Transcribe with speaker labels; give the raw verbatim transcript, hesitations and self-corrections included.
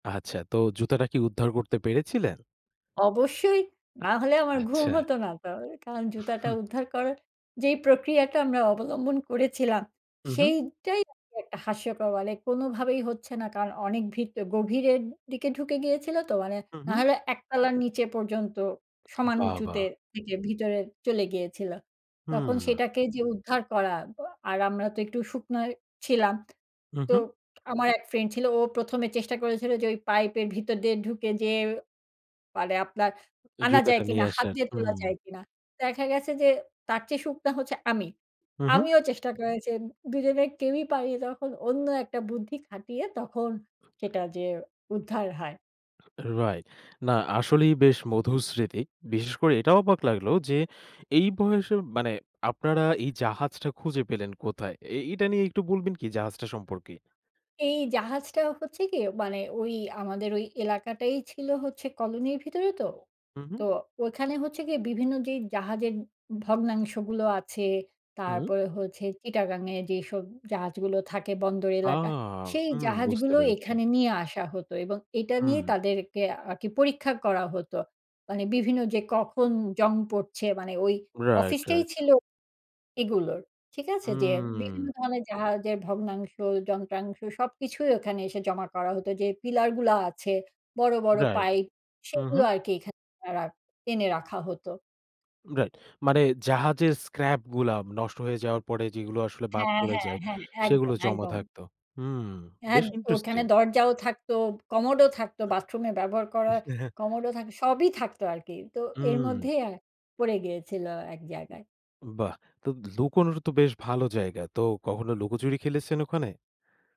Speaker 1: আচ্ছা। তো জুতাটা কি উদ্ধার করতে পেরেছিলেন?
Speaker 2: অবশ্যই। না হলে আমার ঘুম
Speaker 1: আচ্ছা।
Speaker 2: হত না তো। কারণ জুতাটা
Speaker 1: হু।
Speaker 2: উদ্ধার করার যেই প্রক্রিয়াটা আমরা অবলম্বন করেছিলাম,
Speaker 1: উহু।
Speaker 2: সেইটাই আসলে একটা হাস্যকর, মানে কোনোভাবেই হচ্ছে না। কারণ অনেক ভিত গভীরের দিকে ঢুকে গিয়েছিল তো। মানে
Speaker 1: উহু।
Speaker 2: নাহলে এক তলার নিচে পর্যন্ত সমান
Speaker 1: বাহ!
Speaker 2: উঁচুতে
Speaker 1: বাহ!
Speaker 2: থেকে, ভিতরে চলে গিয়েছিল। তখন
Speaker 1: হুম।
Speaker 2: সেটাকে যে উদ্ধার করা, আর আমরা তো একটু শুকনা ছিলাম। তো
Speaker 1: উহু।
Speaker 2: আমার এক ফ্রেন্ড ছিল, ও প্রথমে চেষ্টা করেছিল যে ওই পাইপের ভিতর দিয়ে ঢুকে যেয়ে, পারে আপনার আনা
Speaker 1: জুতাটা
Speaker 2: যায়
Speaker 1: নিয়ে
Speaker 2: কিনা, হাত
Speaker 1: আসার।
Speaker 2: দিয়ে তোলা
Speaker 1: হুম।
Speaker 2: যায় কিনা? দেখা গেছে যে, তার চেয়ে শুকনা হচ্ছে আমি।
Speaker 1: হু, হু।
Speaker 2: আমিও চেষ্টা করেছি। দুই জনের কেউই পারি, তখন অন্য একটা বুদ্ধি খাটিয়ে, তখন সেটা যেয়ে উদ্ধার হয়।
Speaker 1: রাইট। না আসলেই বেশ মধুর স্মৃতি। বিশেষ করে এটা অবাক লাগল যে, এই বয়সে মানে আপনারা এই জাহাজটা খুঁজে পেলেন কোথায়? এ এইটা নিয়ে একটু বলবেন কি, জাহাজটা সম্পর্কে?
Speaker 2: এই জাহাজটা হচ্ছে গিয়ে, মানে ওই আমাদের ওই এলাকাটাই ছিল হচ্ছে কলোনির ভিতরে তো।
Speaker 1: হু,
Speaker 2: তো
Speaker 1: হু।
Speaker 2: ওইখানে হচ্ছে গিয়ে বিভিন্ন যেই জাহাজের ভগ্নাংশগুলো আছে,
Speaker 1: হুম।
Speaker 2: তারপরে হচ্ছে চিটাগাং এ যেসব জাহাজগুলো থাকে বন্দর এলাকা,
Speaker 1: আহ!
Speaker 2: সেই
Speaker 1: হু, বুঝতে
Speaker 2: জাহাজগুলো
Speaker 1: পেরেছি।
Speaker 2: এখানে নিয়ে আসা হতো। এবং এইটা নিয়ে
Speaker 1: হুম।
Speaker 2: তাদেরকে আরকি পরীক্ষা করা হতো। মানে বিভিন্ন যে, কখন জং পড়ছে? মানে ওই
Speaker 1: রাইট,
Speaker 2: অফিসটাই
Speaker 1: রাইট।
Speaker 2: ছিল এগুলোর, ঠিক আছে? যে
Speaker 1: হুম।
Speaker 2: বিভিন্ন ধরণের জাহাজের ভগ্নাংশ, যন্ত্রাংশ সবকিছুই ওখানে এসে জমা করা হতো। যে পিলার গুলা আছে, বড়, বড়
Speaker 1: রাইট।
Speaker 2: পাইপ
Speaker 1: উহু।
Speaker 2: সেগুলো আরকি এখানে রা এনে রাখা হতো।
Speaker 1: রাইট। মানে জাহাজের স্ক্র্যাপ গুলা, নষ্ট হয়ে যাওয়ার পরে যেগুলো আসলে বাদ
Speaker 2: হ্যাঁ,
Speaker 1: পড়ে
Speaker 2: হ্যাঁ,
Speaker 1: যায়,
Speaker 2: হ্যাঁ। একদম,
Speaker 1: সেগুলো জমা
Speaker 2: একদম।
Speaker 1: থাকতো। হুম,
Speaker 2: হ্যাঁ,
Speaker 1: বেশ
Speaker 2: ওখানে
Speaker 1: ইন্টারেস্টিং।
Speaker 2: দরজাও থাকতো, কমোড ও থাকতো, বাথরুমে ব্যবহার করা কমোড ও থা সবই থাকতো আরকি। তো এর
Speaker 1: হুম।
Speaker 2: মধ্যেই অ্যা পড়ে গিয়েছিল এক জায়গায়।
Speaker 1: বাহ! তো, লুকোনোরও তো বেশ ভালো জায়গা। তো কখনো লুকোচুরি খেলেছেন ওখানে?